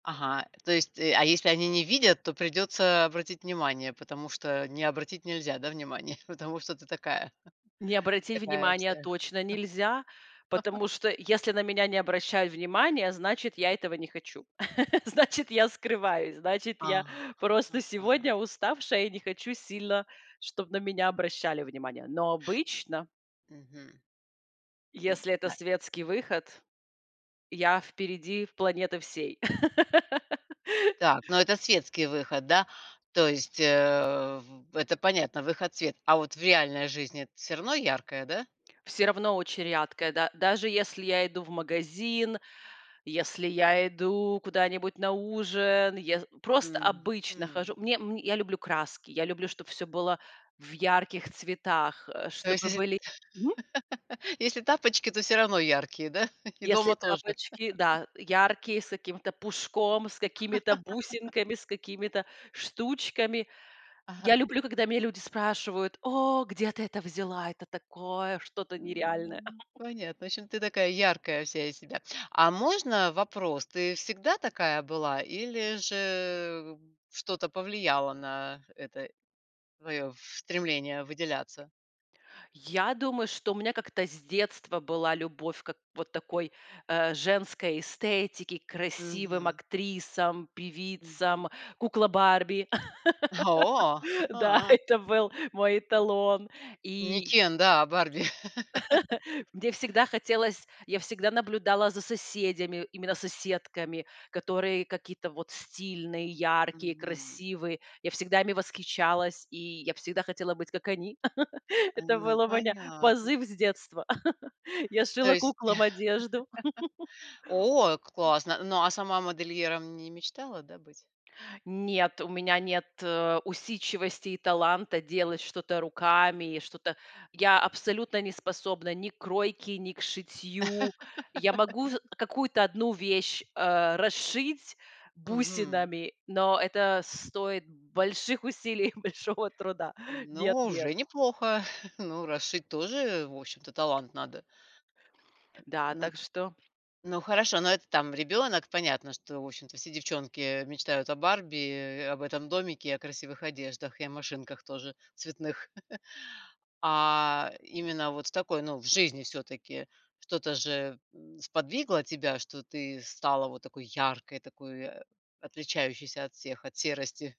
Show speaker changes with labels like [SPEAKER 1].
[SPEAKER 1] Ага, то есть, а если они не видят, то придется обратить внимание, потому что не обратить нельзя, да, внимание? Потому что ты такая,
[SPEAKER 2] Не обратить
[SPEAKER 1] такая
[SPEAKER 2] внимание
[SPEAKER 1] вся.
[SPEAKER 2] точно нельзя, потому что, если на меня не обращают внимания, значит, я этого не хочу. Значит, я скрываюсь. Значит,
[SPEAKER 1] А,
[SPEAKER 2] я просто
[SPEAKER 1] ага.
[SPEAKER 2] сегодня уставшая и не хочу сильно, чтоб на меня обращали внимание. Но обычно
[SPEAKER 1] Мгм. М,
[SPEAKER 2] если это
[SPEAKER 1] Настя.
[SPEAKER 2] светский выход, я впереди планеты всей.
[SPEAKER 1] Так, но это светский выход, да? То есть, э, в это понятно выход в свет, а вот в реальной жизни, всё равно яркое, да?
[SPEAKER 2] Всё равно очень рядкая, да даже если я иду в магазин, если я иду куда-нибудь на ужин, ес просто обычно хожу.
[SPEAKER 1] Мгм.
[SPEAKER 2] Мне м, я люблю краски. Я люблю, чтоб всё было в ярких цветах, э,
[SPEAKER 1] То есть,
[SPEAKER 2] чтобы
[SPEAKER 1] если
[SPEAKER 2] были Мгм.
[SPEAKER 1] если тапочки, то все равно яркие, да? И
[SPEAKER 2] Если
[SPEAKER 1] дома тоже?
[SPEAKER 2] тапочки, да, яркие, с каким-то пушком, с какими-то бусинками, с какими-то штучками. Я
[SPEAKER 1] Ага.
[SPEAKER 2] люблю, когда меня люди спрашивают: "О, где ты это взяла? Это такое что-то
[SPEAKER 1] М,
[SPEAKER 2] нереальное".
[SPEAKER 1] ну, понятно. В общем, ты такая, яркая вся из себя. А можно вопрос, ты всегда такая была, или же что-то повлияло на это твоё стремление выделяться?
[SPEAKER 2] Я думаю, что у меня как-то с детства была любовь как вот такой, э, женской эстетике, к красивым
[SPEAKER 1] Мгм.
[SPEAKER 2] актрисам,
[SPEAKER 1] Мгм.
[SPEAKER 2] певицам, кукла Барби.
[SPEAKER 1] О.
[SPEAKER 2] Да, это был мой эталон.
[SPEAKER 1] Не
[SPEAKER 2] И
[SPEAKER 1] Кен, да, а Барби.
[SPEAKER 2] Мне всегда хотелось, я всегда наблюдала за соседями, именно соседками, которые какие-то вот стильные, яркие,
[SPEAKER 1] Мгм.
[SPEAKER 2] красивые. Я всегда ими восхищалась, и я всегда хотела быть как они.
[SPEAKER 1] Э,
[SPEAKER 2] Это
[SPEAKER 1] ну,
[SPEAKER 2] был у меня
[SPEAKER 1] понятно.
[SPEAKER 2] позыв с детства. Я
[SPEAKER 1] То
[SPEAKER 2] шила
[SPEAKER 1] есть
[SPEAKER 2] куклам одежду.
[SPEAKER 1] о, классно. Ну, а сама модельером не мечтала, да, быть?
[SPEAKER 2] Нет, у меня нет, э, усидчивости и таланта делать что-то руками, и что-то я абсолютно не способна ни к кройке, ни к шитью. Я могу ж какую-то одну вещь, а, расшить
[SPEAKER 1] Мгм.
[SPEAKER 2] бусинами, но это стоит больших усилий и большого труда.
[SPEAKER 1] Ну,
[SPEAKER 2] Нет-нет.
[SPEAKER 1] уже неплохо. Ну, расшить тоже, в общем-то, талант надо. Э,
[SPEAKER 2] Да,
[SPEAKER 1] на
[SPEAKER 2] так что
[SPEAKER 1] ну, хорошо, но это там ребёнок понятно, что, в общем-то, все девчонки мечтают о Барби, э, об этом домике и о красивых одеждах, и о машинках тоже цветных. А именно вот в такой, ну, в жизни всё-таки что-то же, м, сподвигло тебя, что ты стала вот такой яркой, такой отличающейся от всех, от серости.